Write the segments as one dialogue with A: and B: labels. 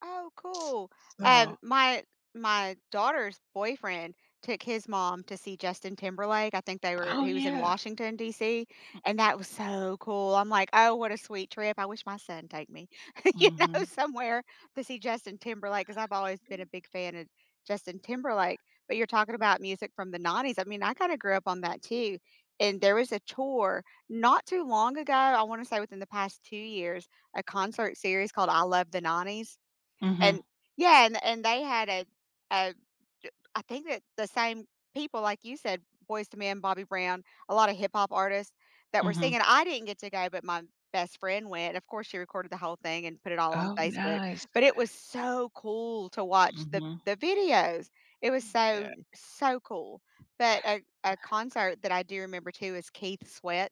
A: Oh, cool. Um,
B: So
A: my my daughter's boyfriend took his mom to see Justin Timberlake. I think they were
B: Oh,
A: he was in
B: yeah.
A: Washington D.C,
B: Mm,
A: and that was
B: mm.
A: so cool. I'm like, "Oh, what a sweet trip." I wish my son take me, you know,
B: Mhm.
A: somewhere to see Justin Timberlake 'cause I've always been a big fan of Justin Timberlake, but you're talking about music from the 90s. I mean, I kinda grew up on that too. And there was a tour not too long ago, I wanna say within the past 2 years, a concert series called I Love the '90s, and
B: Mhm.
A: yeah, and and they had a a j I think the the same people, like you said, Boyz II Men, Bobby Brown, a lotta hip hop artists that were
B: Mhm.
A: singing. I didn't get to go, but my best friend went. Of course, she recorded the whole thing and put it all on
B: Oh,
A: Facebook,
B: nice.
A: but it was so cool to watch the
B: Mhm.
A: the videos. It was so,
B: Yeah.
A: so cool. But a a concert that I do remember too is Keith Sweat.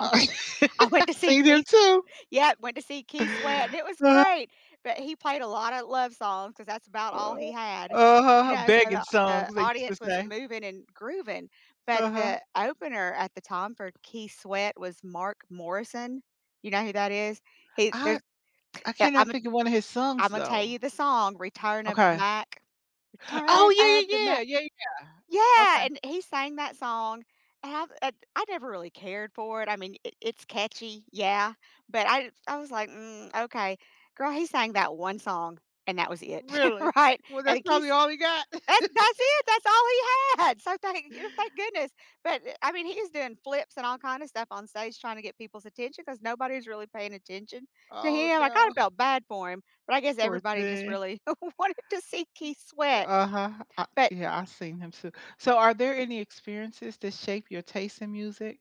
A: I went I went to see
B: Seen him
A: Keith
B: too.
A: Yep, went to see Keith Sweat, and it was
B: Uh-huh.
A: great, but he played a lotta love songs 'cause that's about all
B: Uh,
A: he had. You
B: uh-huh,
A: know? So
B: begging
A: the the
B: songs, they used to
A: audience was
B: say.
A: moving and grooving, but
B: Uh-huh.
A: the opener at the time for Keith Sweat was Mark Morrison. You know who that is? He
B: I
A: there's
B: I
A: yeah,
B: cannot
A: I'm a
B: think of one of his songs
A: I'm a tell
B: though.
A: you the song, Return of the
B: Okay.
A: Mac.
B: Oh,
A: Return of the
B: yeah, yeah,
A: Mac.
B: yeah! Yeah, yeah.
A: Yeah!
B: Okay.
A: And he sang that song I have eh I never really cared for it, I mean, i it's catchy, yeah, but I I was like, "Mm, okay." Girl, he sang that one song, and that was it.
B: Really?
A: Right?
B: Well,
A: And
B: that's
A: he
B: probably
A: Keith's
B: all he got.
A: that's that's it! That's all he had! So thank y thank goodness, but, I mean, he is doing flips and all kinda stuff on stage trying to get people's attention 'cause nobody's really paying attention to
B: Oh,
A: him. I
B: no.
A: kinda felt bad for him, but I guess
B: Poor
A: everybody just
B: thing.
A: really wanted to see Keith sweat.
B: Uh-huh. I
A: But
B: yeah, I've seen him too. So, are there any experiences to shape your taste in music?